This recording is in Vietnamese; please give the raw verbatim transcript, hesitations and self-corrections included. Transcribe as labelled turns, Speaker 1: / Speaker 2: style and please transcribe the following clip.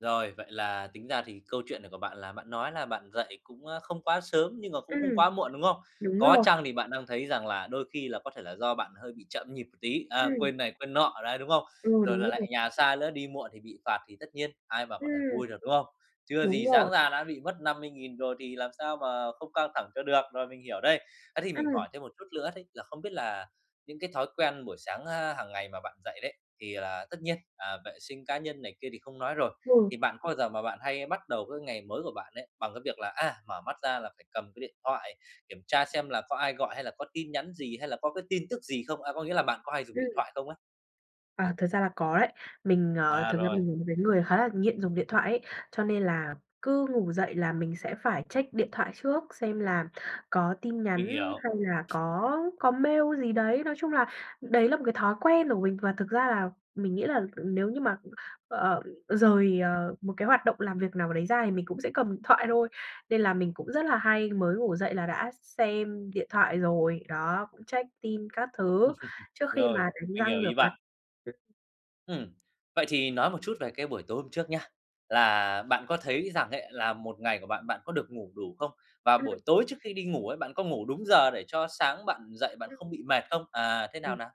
Speaker 1: Rồi, vậy là tính ra thì câu chuyện này của bạn là bạn nói là bạn dậy cũng, ơ, không quá sớm nhưng mà cũng không
Speaker 2: Ừm,
Speaker 1: quá muộn, đúng không?
Speaker 2: đúng
Speaker 1: Có
Speaker 2: rồi.
Speaker 1: chăng thì bạn đang thấy rằng là đôi khi là có thể là do bạn hơi bị chậm nhịp một tí, ờ,
Speaker 2: Ừm.
Speaker 1: quên này quên nọ đấy, đúng không?
Speaker 2: Ừ,
Speaker 1: Rồi
Speaker 2: đúng
Speaker 1: lại lại
Speaker 2: rồi.
Speaker 1: nhà xa lữa, đi muộn thì bị phạt thì tất nhiên ai mà có thể
Speaker 2: Ừm.
Speaker 1: vui được, đúng không? Chưa
Speaker 2: Đúng
Speaker 1: gì
Speaker 2: rồi.
Speaker 1: sáng ra đã bị mất năm mươi nghìn rồi thì làm sao mà không căng thẳng cho được, rồi mình hiểu đây. Á thì mình
Speaker 2: Ừm.
Speaker 1: hỏi thêm một chút lữa đấy là không biết là những cái thói quen buổi sáng ha hàng ngày mà bạn dậy đấy, thì là tất nhiên, à, vệ sinh cá nhân này kia thì không nói rồi.
Speaker 2: Ừ.
Speaker 1: Thì bạn có bao giờ mà bạn hay bắt đầu cái ngày mới của bạn ấy bằng cái việc là, à, mở mắt ra là phải cầm cái điện thoại kiểm tra xem là có ai gọi, hay là có tin nhắn gì hay là có cái tin tức gì không, a, có nghĩa là bạn có hay dùng điện
Speaker 2: Ừm.
Speaker 1: thoại không ấy?
Speaker 2: À, thật ra là có đấy, mình, ờ,
Speaker 1: À,
Speaker 2: thực ra
Speaker 1: rồi.
Speaker 2: mình là một cái người khá là nghiện dùng điện thoại ấy, cho nên là cứ ngủ dậy là mình sẽ phải check điện thoại trước xem là có tin
Speaker 1: Mình
Speaker 2: nhắn
Speaker 1: hiểu.
Speaker 2: hay là có có mail gì đấy. Nói chung là, đấy là một cái thói quen của mình và thực ra là mình nghĩ là nếu như mà, ừm, ờ, rời, ờ, một cái hoạt động làm việc nào đấy ra thì mình cũng sẽ cầm điện thoại thôi, nên là mình cũng rất là hay mới ngủ dậy là đã x xem điện thoại rồi, đó, cũng check tin các thứ trước khi
Speaker 1: Rồi,
Speaker 2: mà đánh
Speaker 1: mình hiểu
Speaker 2: răng rửa
Speaker 1: ý
Speaker 2: mặt.
Speaker 1: bạn.
Speaker 2: Ừ.
Speaker 1: Ừm, vậy thì nói một chút về cái buổi tối hôm trước nhá. Là bạn có thấy rằng ấy là một ngày của bạn, bạn có được ngủ đủ không? Và buổi
Speaker 2: Ừm.
Speaker 1: tối trước khi đi ngủ ấy, bạn có ngủ đúng giờ để cho sáng bạn dậy bạn không
Speaker 2: Ừm.
Speaker 1: bị mệt không? À, thế nào,
Speaker 2: Ừm.
Speaker 1: nào?